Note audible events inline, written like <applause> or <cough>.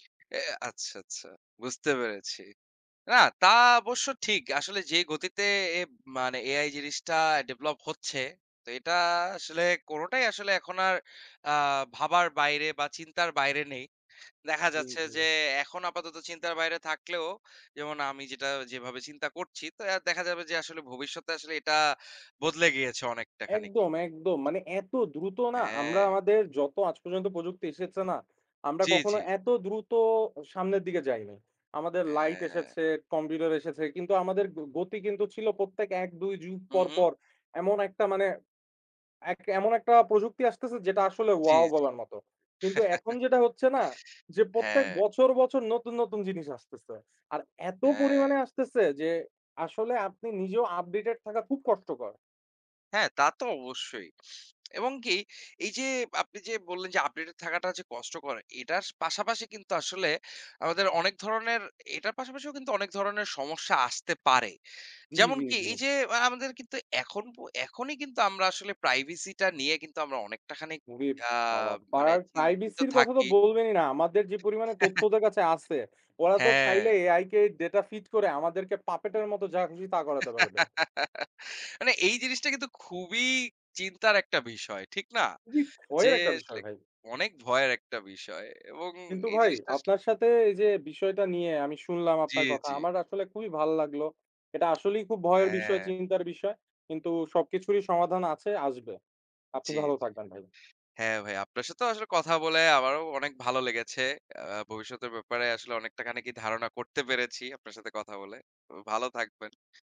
<smacks lips> এ আচ্ছা, আচ্ছা বুঝতে পেরেছি। না, তা অবশ্য ঠিক। আসলে যে গতিতে এব মানে AI জিনিসটা develop হচ্ছে তো এটা আসলে, কোনটাই আসলে এখন আর আ ভাবার বাইরে বা চিন্তার বাইরে নেই। দেখা জ্বী, যাচ্ছে যে জ্বী। এখন আপাতত চিন্তার বাইরে থাকলেও যেমন আমি যেটা যেভাবে চিন্তা করছি তো অ্যা দেখা যাবে যে আসলে ভবিষ্যতে আসলে এটা বদলে গিয়েছে অনেকটা খানিকই। একদম, একদম। মানে এত দ্রুত না আমরা হ্যাঁ। আমাদের যত আজ পর্যন্ত প্রযুক্তি এসেছে না, আমরা জ্বী, কখনো জ্বী। এত দ্রুত সামনের দিকে যাই নাই। আমাদের light হ্যাঁ। এসেছে, Computer এসেছে, কিন্তু আমাদের গ গতি কিন্তু ছিল প্রত্যেক ১ ২ যুগ হুম, পর, হুম। পর এমন একটা মানে এক এমন একটা প্রযুক্তি আসতেছে যেটা আসলে জ্বী, wow জ্বী। <chuckles> বলার মতো। কিন্তু এখন যেটা হচ্ছে না যে প্রত্যেক হ্যাঁ। বছর, বছর নতুন, নতুন জিনিস আসতেছে। আর এত হ্যাঁ। পরিমাণে আসতেছে যে আসলে আপনি নিজেও updated থাকা খুব কষ্টকর। হ্যাঁ, তা তো অবশ্যই। এবং কি এই যে আপনি যে বললেন যে updated থাকাটা যে কষ্টকর এটার পাশাপাশি কিন্তু আসলে আমাদের অনেক ধরনের; এটার পাশাপাশিও কিন্তু অনেক ধরনের সমস্যা আসতে পারে। জ্বী, জ্বী, যেমনকি জ্বী। এই যে আ আমাদের কিন্তু এখন পো এখনই কিন্তু আমরা আসলে privacy টা নিয়ে কিন্তু আমরা অনেকটাখানি উরেব আ বাবা মানে পাড়ার চিন্তিত privacy এর কথা তো থাকি। বললেনই না। আমাদের যে পরিমাণে তথ্য <chuckles> ওদের কাছে আছে, ওরা তো চাইলে হ্যাঁ। আই কে data feet করে আমাদেরকে puppet এর মতো যা খুশি তা করাতে পারবে। <laughs> মানে এই জিনিসটা কিন্তু খুবই চিন্তার একটা বিষয়। ঠিক না? খুবই যে ভয়ের একটা আসলে বিষয় ভাই। অনেক ভয়ের একটা বিষয় এবং কিন্তু এই ভাই জিনিসটা আসলে আপনার সাথে এই যে বিষয়টা নিয়ে আমি শুনলাম জ্বী, আপনার কথা। জ্বী। আমার আসলে খুবই ভাল লাগলো। এটা আসলেই খুব ভয়ের বিষয় হ্যাঁ। চিন্তার বিষয় কিন্তু সবকিছুরই সমাধান আছে, আসবে। আপনি জি, ভালো জি। থাকবেন ভাই। হ্যাঁ, ভাই আপনার সাথে আসলে কথা বলে আমারও অনেক ভালো লেগেছে। আ ভবিষ্যতের ব্যাপারে আসলে অনেকটা খানিকই ধারণা করতে পেরেছি আপনার সাথে কথা বলে। তো ভালো থাকবেন।